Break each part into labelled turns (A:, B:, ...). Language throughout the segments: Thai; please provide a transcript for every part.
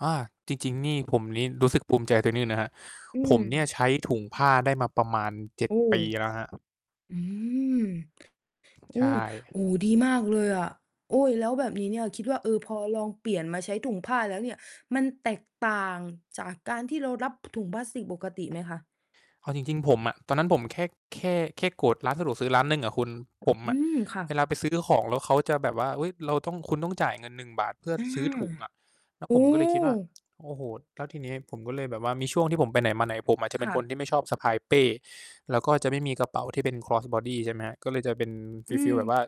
A: อา จริง ๆ นี่ ผมนี้ รู้สึกภูมิใจตัวนี้นะครับ
B: อื
A: ผมเนี่ย
B: ม
A: ใช้ถุงผ้าได้มาประมาณ 7
B: โอ้
A: ปีแล้วครับ
B: อืม อื
A: ใช่
B: ม โอ้โฮ ดีมากเลยอะ โอ๊ย แล้วแบบนี้เนี่ย คิดว่า เออ พอลองเปลี่ยนมาใช้ถุงผ้าแล้วเนี่ย มันแตกต่างจากการที่เรารับ พ ถุงพลาสติกปกติไหมคะ?
A: เอาจริง ๆ ผมอะ ตอนนั้นผมแค่ แค่ แค่โกรธร้านสะดวกซื้อร้านหนึ่งอะคุณ ผม
B: อื
A: อะ
B: ม! ค่
A: เว
B: ะ
A: ลาไปซื้อของแล้วเขาจะแบบว่า เฮ้ย เราต้อง คุณต้องจ่ายเงิน 1 บาทเพื่อ
B: อา
A: ซื้อถุงอะ แล้ว
B: โอ
A: ผ
B: ้!
A: มก็เลยคิดว่า โอ้โฮ แล้วทีเนี้ยผมก็เลยแบบว่า มีช่วงที่ผมไปไหนมาไหน ผมอาจจะเป
B: ค
A: ็น
B: ่
A: ค
B: ะ
A: นที่ไม่ชอบสะพายเป้ แล้วก็จะไม่มีกระเป๋าที่เป็น cross body ใช่ไหมครับ ก็เลยจะเป็น
B: อื
A: ฟี
B: ม
A: ล ๆ แบบว่า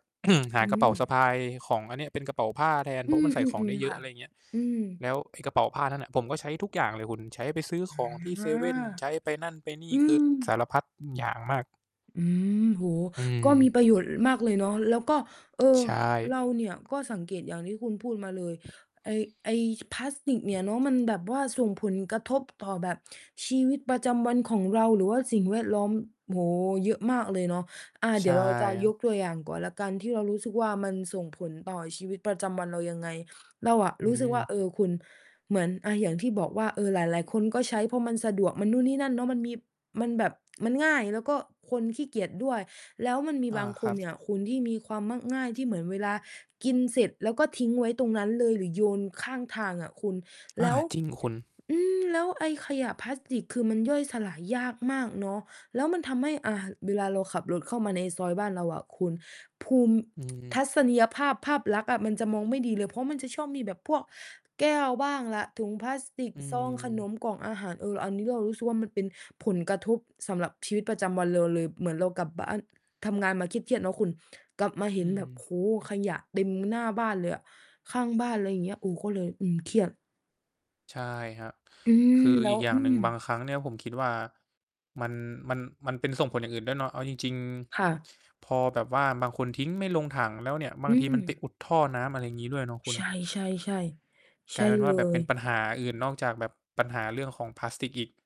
A: ห
B: อ
A: า
B: ื
A: กระเ
B: ม
A: ป๋าสะพายของอันนี้ เป็นกระเป๋าผ้าแทน
B: อ
A: เ
B: ื
A: พราะว่ามันใส่ของไ
B: ม
A: ด้
B: ๆ
A: เ
B: ๆ
A: ย
B: ค
A: อ
B: ่
A: ะ
B: ะ
A: อะไรอย่างเงี้ย
B: อืม
A: แล้วไอ้กระเป๋าผ้านั้นน่ะ ผมก็ใช้ทุกอย่างเลยคุณ ใช้ไปซื้อของที่
B: อ
A: เซ
B: า
A: เว่น ใช้ไปนั่นไปนี
B: อ
A: ่
B: ื
A: คือ
B: ม
A: สารพัดอย่างมาก
B: อืม โอ้โฮ
A: อื
B: ก็
A: ม
B: มีประโยชน์ ล มากเลยเนาะ แล้วก็ เออ
A: ใช่
B: เราเนี่ยก็สังเกตอย่างที่คุณพูดมาเลย ไอ้ ไอ้ ส พลาสติกเนี่ยเนาะ มันแบบว่าส่งผลกระทบต่อแบบชีวิตประจำวันของเรา หรือว่าสิ่งแวดล้อม โอ้โฮ เยอะมากเลยเนาะ อา
A: ใ
B: เ
A: ช
B: ดี๋
A: ่
B: ยวเราจะ
A: ครั
B: ย
A: บ
B: กตัวอย่างก่อนแล้วกัน ที่เรารู้สึกว่ามันส่งผลต่อชีวิตประจำวันเรายังไง เราอะ
A: อื
B: รู้สึกว่า
A: ม
B: เออ คุณเหมือน อา อย่างที่บอกว่า เออ หลาย ๆ คนก็ใช้ เพราะมันสะดวก มันนู่นนี่นั่นเนาะ มันมี มันแบบ มันง่าย แล้วก็คนขี้เกียจด้วย แล้วมันมี
A: อา
B: บาง
A: ค
B: ค
A: รั
B: นเ
A: บ
B: นี่ยคุณที่มีความมัก ง่าย ที่เหมือนเวลากินเสร็จแล้วก็ทิ้งไว้ตรงนั้นเลย หรือโยนข้างทางอะคุณ
A: อ
B: แล
A: า
B: ้ว
A: จริงคุณ
B: อือ แล้วไอ้ขยะพลาสติก คือมันย่อยสลายยากมากเนาะ แล้วมันทำให้ อา เวลาเราขับรถเข้ามาในซอยบ้านเราอะคุณ ภูมิ
A: อืม
B: ทัศนียภาพ ภาพลักษณ์อะ มันจะมองไม่ดีเลย เพราะมันจะชอบมีแบบพวกแก้วบ้างล่ะ ถุงพลาสติก
A: อื
B: ซองขน
A: ม
B: ม กล่องอาหาร เออ อันนี้เรารู้สึกว่ามันเป็นผลกระทบสำหรับชีวิตประจำวันเราเลย เหมือนเรากลับบ้าน ทำงานมาเครียด ๆ เนาะคุณ กลับมาเ
A: อ
B: ห
A: ื
B: ็นแบบ โอ
A: ม
B: ้โฮ ขยะเต็มหน้าบ้านเลยอะ ข้างบ้าน ไรอย่างเงี้ย โอ้ ก็เลย อืม เครียด
A: ใช่ครับ
B: อื
A: คื
B: ม
A: อ
B: แล้
A: อี
B: ว
A: กอย่า
B: อื
A: งหนึ่ง บา
B: ม
A: งครั้งเนี่ยผมคิดว่ามัน มัน มัน เป็นส่งผลอย่างอื่นด้วยเนาะ เอาจริง
B: ค่ะ
A: ๆ พอแบบว่าบางคนทิ้งไม่ลงถังแล้วเนี่ย บ
B: อ
A: า
B: ื
A: งทีมันไป
B: ม
A: อุดท่อน้ำ อะไรอย่างงี้ ด้วยเนาะคุ
B: ใช
A: ณ
B: ่ ๆ ๆ ใช
A: กลา
B: ่
A: ยเป็นว
B: เล
A: ่าแบบเป
B: ย
A: ็นปัญหาอื่น นอกจากแบบปัญหาเรื่องของพลาสติกอีก